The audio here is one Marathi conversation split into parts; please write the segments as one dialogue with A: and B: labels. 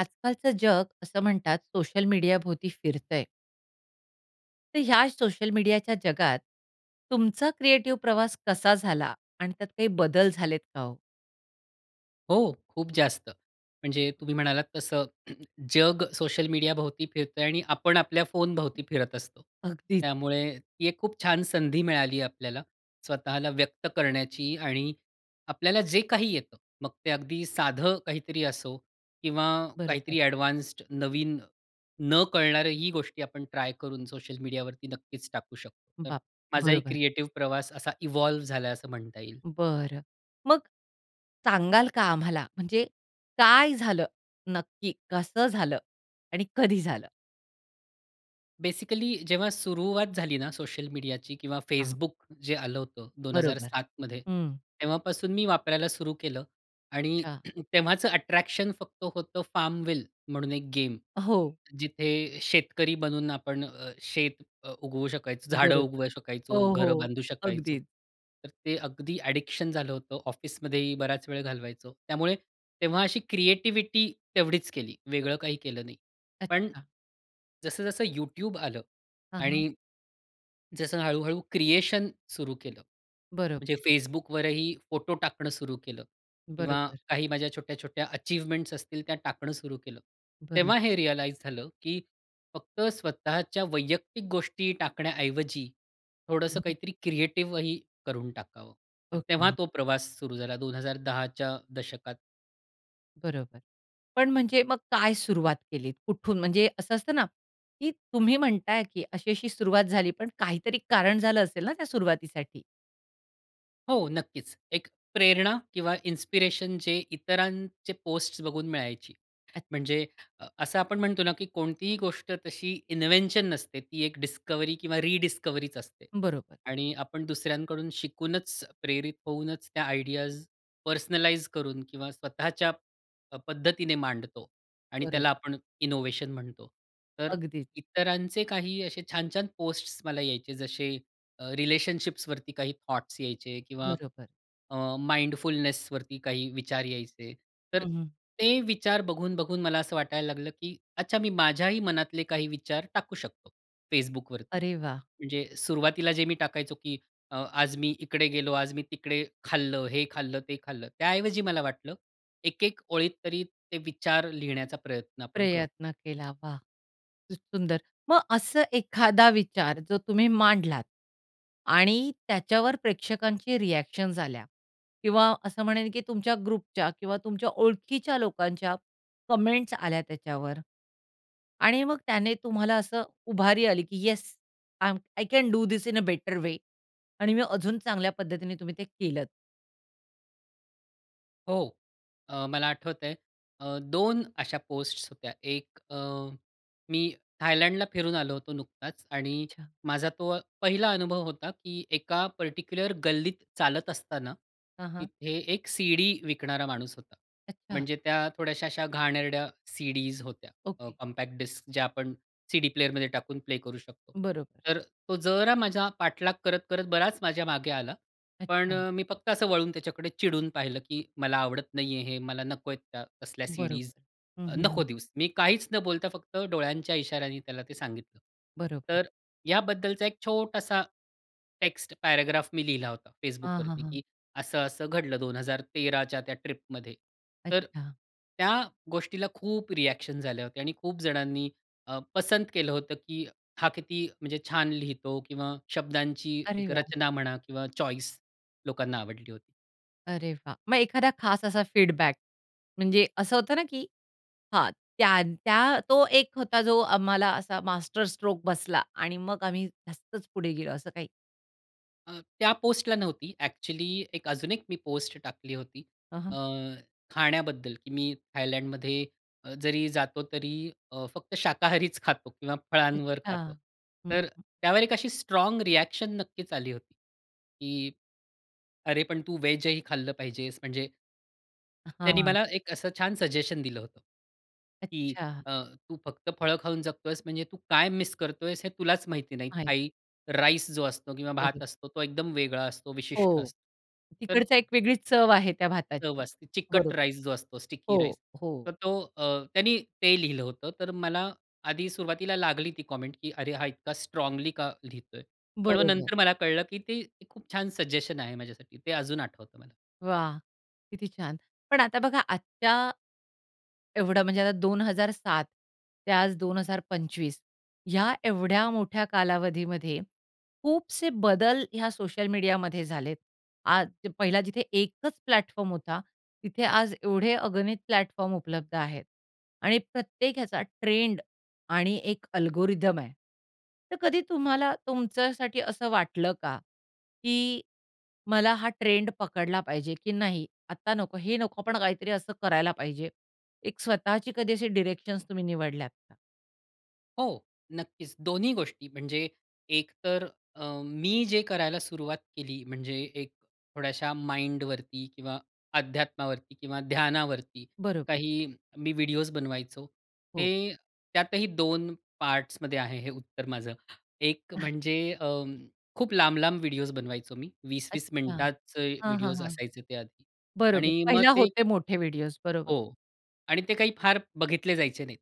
A: आजकालचं जग असं म्हणतात सोशल मीडियाभोवती फिरतंय. तर ह्याच सोशल मीडियाच्या जगात तुमचा क्रिएटिव्ह प्रवास कसा झाला आणि त्यात काही बदल झालेत का हो?
B: हो. खूप जास्त, म्हणजे तुम्ही म्हणालात तसं जग सोशल मीडियाभोवती फिरतंय आणि आपण आपल्या फोनभोवती फिरत असतो.
A: अगदीच.
B: त्यामुळे ती एक खूप छान संधी मिळाली आपल्याला स्वतःला व्यक्त करण्याची आणि आपल्याला जे काही येतं, मग ते अगदी साधं काहीतरी असो किंवा
A: बरोबर.
B: काहीतरी ॲडवान्स्ड नवीन न कळणारी ही गोष्टी आपण ट्राय करून सोशल मीडियावरती नक्कीच टाकू शकतो. तर,
A: बाप
B: माझाही
A: बरोबर.
B: क्रिएटिव्ह प्रवास असा इव्हॉल्व झालाय असं म्हणता येईल.
A: बरं. मग सांगाल का आम्हाला, म्हणजे काय झालं नक्की? कसं झालं? आणि कधी झालं?
B: बेसिकली जेव्हा सुरुवात झाली ना सोशल मीडियाची किंवा
A: हां.
B: Facebook जे आलं होतं, दोन हजार
A: बरोबर.
B: सातमध्ये
A: हं.
B: तेव्हापासून मी वापरायला सुरू केलं आणि
A: अच्छा.
B: तेव्हाचं अट्रॅक्शन फक्त होतं FARM WILL म्हणून एक गेम
A: हो.
B: जिथे शेतकरी बनून आपण अ, शेत अ, उगवू शकायचो, झाडं
A: बरोबर.
B: उगवू
A: हो,
B: शकायचो, घरं
A: हो,
B: बांधू शकायचो.
A: अगदीच.
B: तर ते अगदी ॲडिक्शन झालं होतं, ऑफिसमध्येही बराच वेळ घालवायचो. त्यामुळे तेव्हा अशी क्रिएटिविटी तेवढीच केली. वेगळं काही केलं नाही. पण
A: अच्छा.
B: जसं-जसं YouTube आलं
A: हां, हां.
B: आणि जसं हळूहळू क्रिएशन सुरू केलं. म्हणजे
A: बरोबर.
B: Facebookवरही फोटो टाकणं सुरु केलं, किंवा
A: बरोबर.
B: काही माझ्या छोट्या-छोट्या अचीवमेंट्स असतील त्या टाकणं सुरु केलं,
A: बरोब
B: तेव्हा हे रियलाइज झालं, की फक्त स्वतःच्या वैयक्तिक गोष्टी टाकण्याऐवजी थोडंसं काहीतरी क्रिएटिव्ह ही करून टाकावं. तर तेव्हा
A: ओके.
B: तो प्रवास सुरू झाला 2010च्या दशकात.
A: बरोबर. पण म्हणजे मग काय सुरुवात केलीत, कुठून, म्हणजे असं असतं ना, की तुम्ही म्हणताय की अशी-अशी सुरुवात झाली, पण काहीतरी कारण झालं असेल ना, त्या सुरुवातीसाठी?
B: हो, नक्कीच. एक प्रेरणा किंवा इन्स्पिरेशन जे इतरांचे पोस्ट्स बघून मिळायची,
A: अच्छा.
B: म्हणजे अ, असं आपण म्हणतो ना, की कोणतीही गोष्ट तशी इन्व्हेंशन नसते, ती एक डिस्कव्हरी किंवा रिडिस्कव्हरीचं असते.
A: बरोबर.
B: आणि आपण दुसऱ्यांकडून शिकूनच, प्रेरित होऊनच त्या आयडियाज पर्सनलाइज करून किंवा स्वतःच्या अ, पद्धतीने मांडतो आणि
A: बरोबर.
B: त्याला आपण इनोव्हेशन म्हणतो. तर
A: अगदीच.
B: इतरांचे काही असे छान-छान पोस्ट्स मला यायचे, जसे अ, रिलेशनशिप्सवरती काही थॉट्स यायचे किंवा
A: बरोबर.
B: अ, माइंडफुलनेसवरती काही विचार यायचे, तर
A: हं, हं.
B: ते विचार बघून-बघून मला असं वाटायला लागलं, की अच्छा, मी माझ्याही मनातले काही विचार टाकू शकतो Facebookवरती.
A: अरे वाह!
B: म्हणजे सुरुवातीला जे मी टाकायचो, की अ, आज मी इकडे गेलो, आज मी तिकडे खाल्लं, हे खाल्लं, ते खाल्लं. त्याऐवजी मला वाटलं, एक-एक ओळीत तरी ते विचार लिहिण्याचा प्रयत्न आपण करू.
A: प्रयत्न केला. वाह! खूप सुंदर. मग असं एखादा विचार, जो तुम्ही मांडलात आणि त्याच्यावर प्रेक्षकांचे रिॲक्शन्स आल्या किंवा असं म्हणेन, की तुमच्या ग्रुपच्या किंवा तुमच्या ओळखीच्या लोकांच्या कॉमेंट्स आल्या त्याच्यावर. आणि मग त्याने तुम्हाला असं उभारी आली, की "yes, I am I can do this in a better way" आणि मी अजून चांगल्या पद्धतीने तुम्ही ते केलंत.
B: हो. अ, मला आठवतंय अ, 2 अशा पोस्ट्स होत्या एक अ, मी थायलंडला फिरून आलो होतो नुकताच आणि
A: अच्छा.
B: माझा तो पहिला अनुभव होता, की एका पर्टिक्युलर गल्लीत चालत असताना,
A: हां, हां.
B: तिथे एक सीडी विकणारा माणूस होता.
A: अच्छा.
B: म्हणजे त्या थोड्याशा अशा घाणेरड्या सीडीज होत्या, अ,
A: ओके.
B: कॉम्पॅक्ट डिस्क ज्या आपण सीडी प्लेअरमध्ये टाकून प्ले करू शकतो.
A: बरोबर.
B: तर तो जरा माझा पाठलाग करत करत बराच माझ्या मागे आला, पण
A: अच्छा.
B: अ, मी फक्त असं वळून त्याच्याकडे चिडून पाहिलं, की मला आवडत नाहीये हे. मला नको आहेत त्या तसल्या सीडीज.
A: बरोबर. हं,
B: अ,
A: हं,
B: नको
A: हं.
B: देऊस. मी काहीच न बोलता फक्त डोळ्यांच्या इशाऱ्याने त्याला ते सांगितलं.
A: बरोबर.
B: तर याबद्दलचा एक छोटासा टेक्स्ट पॅराग्राफ मी लिहिला होता
A: हां, हां,
B: Facebookवरती,
A: हां.
B: की असं-असं घडलं 2013 च्या त्या ट्रिप मध्ये. तर
A: अच्छा.
B: त्या गोष्टीला खूप रिएक्शन्स आल्या होत्या आणि खूप जणांनी अ, पसंत केलं होतं, की हा किती म्हणजे छान लिहितो किंवा शब्दांची
A: अरे
B: एक
A: वाह!
B: रचना म्हणा किंवा चॉईस लोकांना आवडली होती.
A: अरे वाह! मग एखादा खास असा फीडबॅक, म्हणजे असं होतं ना, की हां, त्यां त्या तो एक होता जो आम्हाला असा मास्टरस्ट्रोक बसला आणि मग आम्ही जास्तच पुढे गेलो, असं काही?
B: अ, त्या पोस्टला नव्हती, ॲक्चुअली एक अजून एक मी पोस्ट टाकली होती
A: हां,
B: अ,
A: हां.
B: खाण्याबद्दल, की मी थायलंडमध्ये अ, जरी जातो तरी अ, फक्त शाकाहारीच खातो किंवा फळांवर
A: अच्छा.
B: खातो.
A: हं,
B: तर
A: हं.
B: त्यावर एक अशी स्ट्राँग रिएक्शन नक्कीच आली होती, की, "अरे पण तू व्हेजही खाल्लं पाहिजेस," म्हणजे
A: अ,
B: त्यानी
A: हां.
B: मला एक असं छान सजेशन दिलं होतं, की
A: अच्छा.
B: अ, तू फक्त फळं खाऊन जगतोयेस म्हणजे तू काय मिस करतोयेस हे तुलाच माहिती नाही,
A: आहे.
B: थाई राईस जो असतो किंवा भात
A: बरं.
B: असतो तो एकदम वेगळा असतो, विशिष्ट
A: हो,
B: असतो. तर
A: तिकडचा एक वेगळीच चव आहे त्या
B: चव
A: भाताची.
B: असते, चिकट
A: बरोबर.
B: राईस जो असतो स्टिकी
A: हो.
B: राईस.
A: हो.
B: तर तो अ, त्यानी ते लिहिलं होतं. तर मला आधी सुरुवातीला लागली ती कॉमेंट, की अरे हा इतका स्ट्राँगली का लिहितोय? पण मग
A: बरोबर.
B: नंतर मला कळलं, की ते, ते खूप छान सजेशन आहे माझ्यासाठी ते अजून आठवतं मला.
A: वाह! किती छान. पण आता बघा आजच्या एवढं म्हणजे आता 2007 ते आज 2025 ह्या एवढ्या मोठ्या कालावधीमध्ये खूपसे बदल ह्या सोशल मीडियामध्ये झालेत. आद पहिला जिथे एकच प्लॅटफॉर्म होता, तिथे आज एवढे अगणित प्लॅटफॉर्म उपलब्ध आहेत आणि प्रत्येक ह्याचा ट्रेंड आणि एक अल्गोरिदम आहे. तर कधी तुम्हाला तुमच्यासाठी असं वाटलं का, की मला हा ट्रेंड पकडला पाहिजे, की नाही आता नको हे नको पण काहीतरी असं करायला पाहिजे. एक स्वतःची कधी अशी डीरेक्शन्स तुम्ही निवडल्यात का?
B: हो. नक्कीच. दोन्ही गोष्टी, म्हणजे एक तर अ, मी जे करायला सुरुवात केली, म्हणजे एक थोड्याशा माइंडवरती किंवा अध्यात्मावरती किंवा ध्यानावरती
A: बरोबर.
B: काही मी व्हिडिओस बनवायचो,
A: हो.
B: ते त्यातही दोन पार्ट्समध्ये आहे हे उत्तर माझं. एक म्हणजे, अं, खूप लांब लांब व्हिडिओस बनवायचो मी. 20-20
A: अच्छा.
B: मिनिटाचे
A: हां, हां,
B: व्हिडिओज
A: हां.
B: असायचे ते आधी.
A: बरोबर.
B: आणि मग
A: पहिला
B: ते
A: होते मोठे व्हिडिओज, बरोबर.
B: हो आणि ते काही फार बघितले जायचे नाहीत,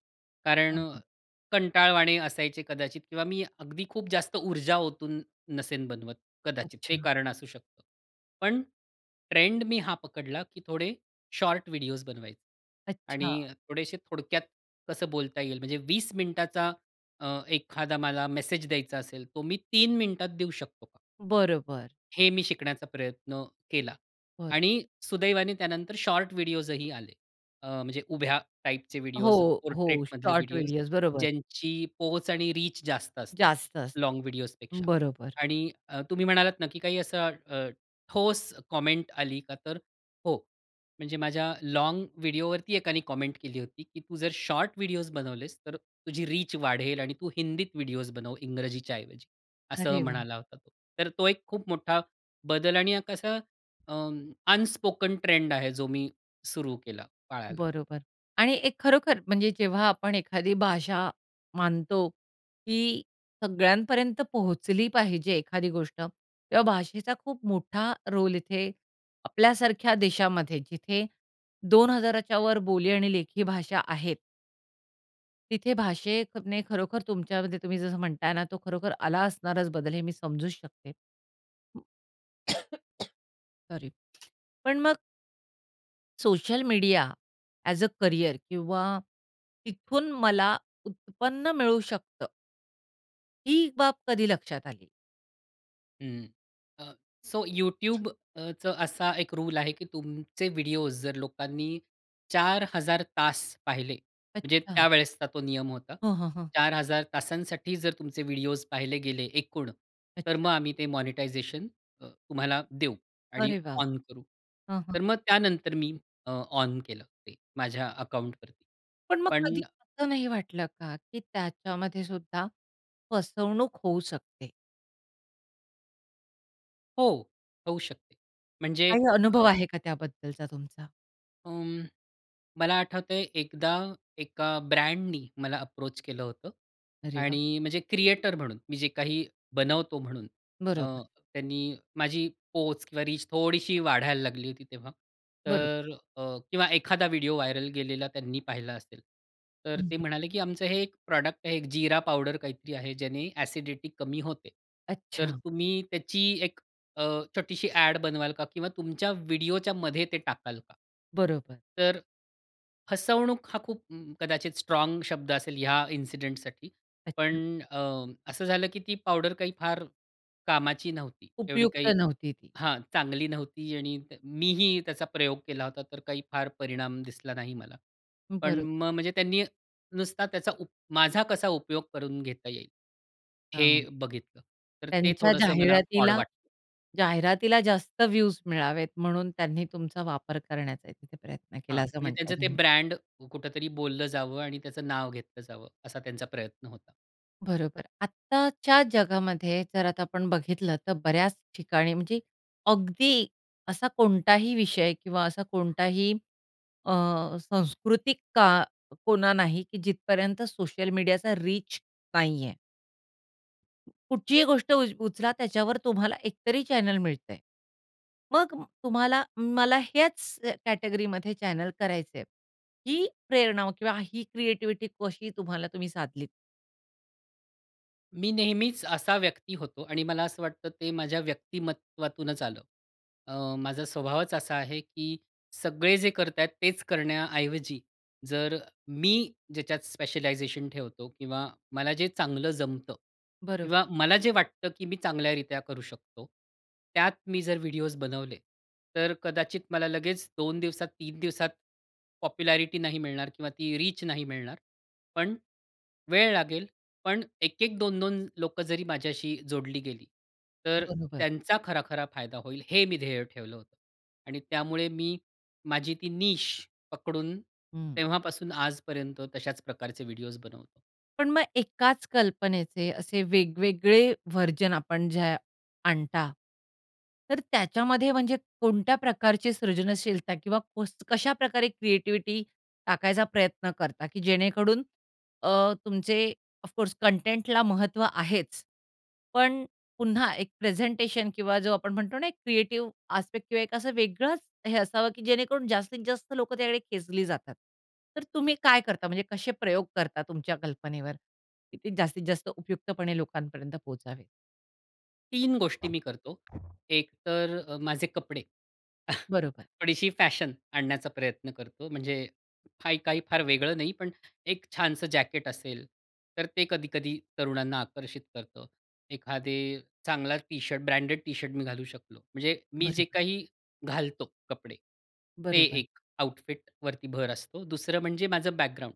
B: कारण
A: हां, हां.
B: कंटाळवाणे असायचे कदाचित किंवा मी अगदी खूप जास्त ऊर्जा ओतून नसेन बनवत, कदाचित ते
A: अच्छा.
B: कारण असू शकतं. पण ट्रेंड मी हा पकडला, की थोडे शॉर्ट व्हिडिओज बनवायचे.
A: अच्छा.
B: आणि थोडेसे थोडक्यात कसं बोलता येईल, म्हणजे 20 मिनिटाचा अ, एखादा मला मेसेज द्यायचा असेल, तो मी 3 मिनिटात देऊ शकतो का
A: बरोबर.
B: हे मी शिकण्याचा प्रयत्न केला
A: बरं.
B: आणि सुदैवाने त्यानंतर शॉर्ट व्हिडिओजही आले. अ, म्हणजे उभ्या टाइपचे व्हिडिओज,
A: हो, हो.
B: पोर्ट्रेटमधले
A: शॉर्ट
B: व्हिडिओज,
A: व्हिडिओज बरोबर.
B: ज्यांची पोहोच आणि रीच जास्त असते,
A: जास्त असतं,
B: लॉन्ग व्हिडिओजपेक्षा.
A: बरोबर.
B: आणि अ, तुम्ही म्हणालात ना, की काही असा अ, ठोस कॉमेंट आली का, तर हो. म्हणजे माझ्या लॉन्ग व्हिडिओवरती एकाने कॉमेंट केली होती, की “तू जर शॉर्ट व्हिडिओज बनवलेस, तर तुझी रीच वाढेल आणि तू हिंदीत व्हिडिओ बनव, इंग्रजीच्या ऐवजी,” असं
A: अरे वाह!
B: म्हणाला होता तो. तर तो एक खूप मोठा बदल आणि अ, कस अं, अनस्पोकन ट्रेंड आहे, जो मी सुरु केला पाळायला.
A: बरोबर. आणि एक खरोखर म्हणजे जेव्हा आपण एखादी भाषा मानतो, की सगळ्यांपर्यंत पोहोचली पाहिजे एखादी गोष्ट, तेव्हा भाषेचा खूप मोठा रोल इथे, आपल्यासारख्या देशामध्ये, जिथे 2000च्यावर बोली आणि लेखी भाषा आहेत. तिथे भाषेने खरोखर तुमच्यामध्ये तुम्ही जसं म्हणताय ना, तो खरोखर आला असणाराच बदल हे मी समजू शकते. हं. सॉरी. पण मग social media as a career किंवा तिथून मला उत्पन्न मिळू शकतं ही बाब कधी लक्षात आली?
B: हं. अ, सो YouTubeचं असा 1 रूल आहे की तुमचे व्हिडिओ जर लोकांनी 4000 तास पाहिले, म्हणजे
A: अच्छा.
B: त्यावेळेसचा तो नियम होता.
A: हं, हं. हं.
B: 4000 तासांसाठी जर तुमचे व्हिडिओस पाहिले गेले एकूण, तर
A: अच्छा.
B: मग आम्ही ते मॉनिटायझेशन तुम्हाला देऊ आणि
A: अरे वाह!
B: ऑन करू
A: हां, हां.
B: तर मग त्यानंतर मी अ, ऑन केलं ते माझ्या अकाउंटवरती.
A: पण मग
B: पण
A: कधी असं नाही वाटलं का, की त्याच्यामध्ये सुद्धा फसवणूक होऊ शकते?
B: हो. होऊ शकते. म्हणजे
A: काही अनुभव
B: अ
A: आहे का त्याबद्दलचा तुमचा?
B: उम्म, मला आठवतंय एकदा एका ब्रँडनी मला अप्रोच केलं होतं
A: अरे वाह!
B: आणि म्हणजे क्रिएटर म्हणून मी जे काही बनवतो म्हणून अ,
A: बरोबर.
B: त्यांनी माझी पोच किंवा रीच थोडीशी वाढायला लागली होती तेव्हा
A: बरोबर.
B: तर अ, किंवा एखादा व्हिडिओ व्हायरल गेलेला त्यांनी पाहिला असेल तर
A: हं.
B: ते
A: हं.
B: म्हणाले, की आमचं हे 1 प्रॉडक्ट आहे. 1 जिरा पावडर काहीतरी आहे, ज्याने एसिडिटी कमी होते, तर
A: अच्छा.
B: तुम्ही त्याची 1 अ, छोटीशी ॲड बनवाल का? किंवा तुमच्या व्हिडिओच्यामध्ये ते टाकाल का?
A: बरोबर.
B: तर फसवणूक हा खूप कदाचित स्ट्राँग शब्द असेल ह्या इन्सिडेंटसाठी. पण
A: अच्छा.
B: अ, असं झालं की ती पावडर काही फार कामाची नव्हती एवढी
A: उपयुक्त
B: काही.
A: नव्हती ती.
B: हां. चांगली नव्हती आणि मीही त्याचा प्रयोग केला होता, तर काही फार परिणाम दिसला नाही मला. पण
A: बरोबर.
B: मग म म्हणजे त्यांनी नुसता त्याचा उप माझा कसा उपयोग करून घेता येईल हे
A: हां.
B: बघितलं. तर ते
A: त्यांच्या
B: थोडंसं मला ऑड
A: जाहिरातीला,
B: वाटलं.
A: जाहिरातीला जास्त व्हिवज मिळावेत म्हणून त्यांनी तुमचा वापर करण्याचा तिथे प्रयत्न
B: हां,
A: केला, असं
B: म्हणजे
A: म्हणताय
B: त्यांचं ते
A: तुम्ही?
B: ब्रँड कुठेतरी बोललं जावं आणि त्याचं नाव घेतलं जावं, असा त्यांचा प्रयत्न होता.
A: बरोबर. आत्ताच्या जगामध्ये जर आता आपण बघितलं तर बऱ्याच ठिकाणी म्हणजे अगदी असा कोणताही विषय किंवा असा कोणताही अ, सांस्कृतिक का कोना नाही की जिथपर्यंत सोशल मीडियाचा रीच नाही आहे. कुठचीही गोष्ट उ उचला त्याच्यावर तुम्हाला एक तरी चॅनेल मिळतंय. मग अ, तुम्हाला मला ह्याचं कॅटेगरीमध्ये चॅनेल करायचंय, ही प्रेरणा किंवा ही क्रिएटीव्हीटी कशी तुम्हाला तुम्ही साधलीत?
B: मी नेहमीचं असा व्यक्ती होतो आणि मला असं वाटतं ते माझ्या व्यक्तिमत्त्वातूनचं आलं. अ, माझा स्वभावचं असा आहे, की सगळे जे करताय तेच करण्याऐवजी, जर मी ज्याच्यात स्पेशलायझेशन ठेवतो किंवा मला जे चांगलं जमतं
A: बरोबर.
B: किंवा मला जे वाटतं, की मी चांगल्यारित्या करू शकतो. त्यात मी जर व्हिडिओज बनवले, तर अ, कदाचित मला लगेच 2 दिवसात, 3 दिवसात पॉप्युलॅरिटी नाही मिळणार किंवा ती रीच नाही मिळणार. पण वेळ लागेल. पण 1-1, 2-2 लोकं जरी माझ्याशी जोडली गेली. तर अ,
A: बरोबर.
B: त्यांचा खरा-खरा फायदा होईल, हे मी ध्येय ठेवलं होतं. आणि त्यामुळे मी माझी ती नीश पकडून
A: हं.
B: तेव्हापासून आजपर्यंत तशाच प्रकारचे व्हिडिओज बनवतो.
A: पण मग एकाच कल्पनेचे असे वेगवेगळे वर्जन आपण जे आणता, तर त्याच्यामध्ये, म्हणजे कोणत्या प्रकारची सृजनशीलता किंवा कस कशा प्रकारे क्रिएटिव्हिटी टाकायचा प्रयत्न करता, की जेणेकरून अ, तुमचे ऑफ कोर्स कंटेंटला महत्व आहेच, पण पुन्हा एक प्रेझेंटेशन किंवा जो आपण म्हणतो ना, एक क्रिएटिव्ह आस्पेक्ट किंवा एक असं वेगळंच हे असावं, की जेणेकरून जास्तीत जास्त लोकं त्याकडे खेचली जातात. तर तुम्ही काय करता, म्हणजे कसे प्रयोग करता तुमच्या कल्पनेवर, की ते जास्तीत जास्त उपयुक्तपणे लोकांपर्यंत पोहचावेत?
B: 3 गोष्टी मी करतो. एक तर अ, माझे कपडे
A: बरोबर.
B: थोडीशी फॅशन आणण्याचा प्रयत्न करतो, म्हणजे फाई काही फार वेगळं नाही, पण एक छानसं जॅकेट असेल, तर ते कधी-कधी तरुणांना आकर्षित करतं. एखादे चांगला टी-शर्ट, ब्रँडेड टी-शर्ट मी घालू शकलो, म्हणजे मी जे
A: बरोबर.
B: काही घालतो कपडे, ते
A: बरोबर.
B: एक आउटफिट वरती भर असतो. दुसरं म्हणजे माझं बॅकग्राऊंड.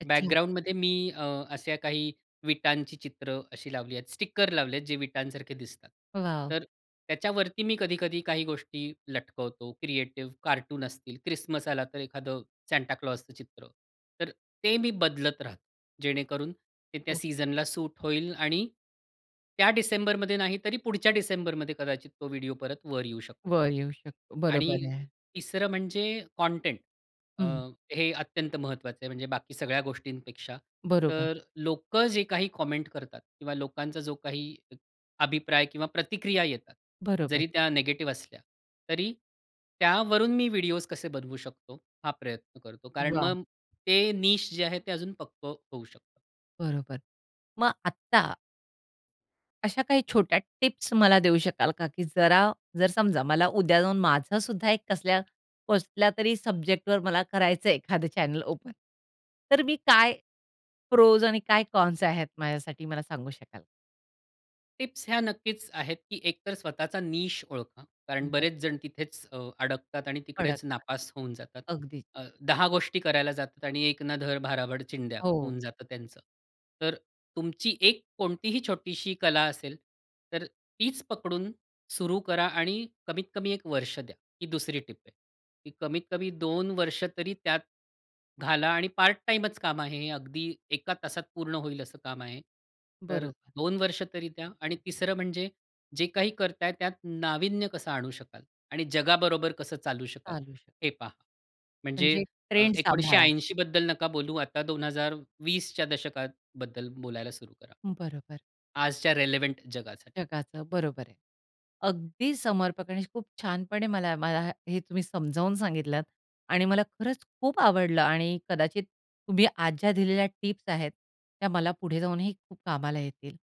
A: अच्छा.
B: बॅकग्राऊंडमध्ये मी अ, अशा काही विटांची चित्रं अशी लावली आहेत, स्टिकर लावले आहेत जे विटांसारखे दिसतात,
A: वॉव!
B: तर त्याच्यावरती मी कधी-कधी काही गोष्टी लटकवतो, क्रिएटिव्ह, कार्टून असतील, क्रिसमस आला तर एखादं सांता क्लॉसचं चित्र, तर ते मी बदलत राहतो, जेणेकरून ते त्या
A: हो.
B: सीझनला सूट होईल आणि त्या डिसेंबरमध्ये नाही, तरी पुढच्या डिसेंबरमध्ये कदाचित तो व्हिडिओ परत वर येऊ शकतो.
A: वर येऊ शकतो, बरोबर
B: आणि
A: आहे.
B: तिसरं म्हणजे कंटेंट अ,
A: हं.
B: हे अत्यंत महत्त्वाचं आहे, म्हणजे बाकी सगळ्या गोष्टींपेक्षा.
A: बरोबर.
B: तर लोकं जे काही कॉमेंट करतात किंवा लोकांचा जो काही एक अभिप्राय किंवा प्रतिक्रिया येतात,
A: बरोबर.
B: जरी त्या निगेटिव्ह असल्या, तरी त्यावरून मी व्हिडिओज कसे बनवू शकतो, हा प्रयत्न करतो. कारण
A: वाह!
B: मग ते निश जे आहे, ते अजून पक्कं होऊ शकतं.
A: बरोबर. मग आत्ता अश्या काही छोट्या टिप्स मला देऊ शकाल का, की जरा जर समजा मला उद्या जाऊन माझं सुद्धा एक कसल्या कसल्यातरी, सब्जेक्टवर मला करायचंय एखादं चॅनल ओपन. तर मी काय, प्रोज आणि काय कॉन्स आहेत. माझ्यासाठी, मला सांगू शकाल का?
B: टिप्स ह्या नक्कीच आहेत. की एकतर स्वतःचा निश ओळखा. कारण बरेच
A: बरोबर.
B: जण तिथेच अ, अडकतात आणि तिकडेच
A: अडकतात.
B: नापास होऊन जातात.
A: अगदीच.
B: अ, 10 गोष्टी करायला जातात आणि "एक ना-धड, भाराभर चिंध्या"
A: हो.
B: होऊन जातं त्यांचं. तर, तुमची एक, कोणतीही छोटीशी कला असेल. तर, तीच पकडून, सुरू करा आणि कमीत-कमी 1 वर्ष द्या. ही 2री टिप आहे. ती कमीत कमी 2 वर्ष तरी त्यात घाला आणि पार्ट-टाईमच काम आहे, अगदी एका तासात पूर्ण होईल असं काम आहे. तर
A: बरोबर.
B: 2 वर्ष तरी द्या आणि 3रं म्हणजे, जे काही करताय त्यात नाविन्य कसं आणू शकाल आणि जगाबरोबर कसं चालू शकाल?
A: चालू शकतं.
B: हे पहा. म्हणजे
A: म्हणजे
B: अ,
A: ट्रेंड
B: एकोणीसशे
A: सांभाळा.
B: ऐंशी बद्दल नका बोलू आता 2020च्या दशकात बद्दल बोलायला सुरू करा.
A: बरोबर.
B: आजच्या रिलेव्हेंट जगासाठी.
A: जगाचं बरोबर आहे. अगदी समर्पक आणि खूप छानपणे मला मला हे तुम्ही समजावून सांगितलत आणि मला खरंच खूप आवडलं आणि कदाचित तुम्ही आज ज्या दिलेल्या टिप्स आहेत, त्या मला पुढे जाऊनही खूप कामाला येतील.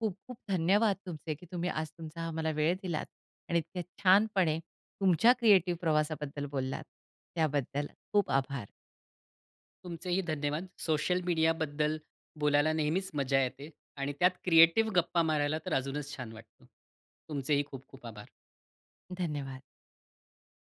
A: खूप-खूप धन्यवाद तुमचे, की तुम्ही आज तुमचा हा मला वेळ दिलात आणि इतके छानपणे, तुमच्या क्रिएटिव्ह प्रवासाबद्दल बोललात. त्याबद्दल खूप आभार!
B: तुमचेही धन्यवाद. सोशल मीडियाबद्दल बोलायला नेहमीच मजा येते. आणि त्यात क्रिएटिव गप्पा मारायला तर अजूनच छान वाटतं. तुमचेही खूप-खूप आभार!
A: धन्यवाद!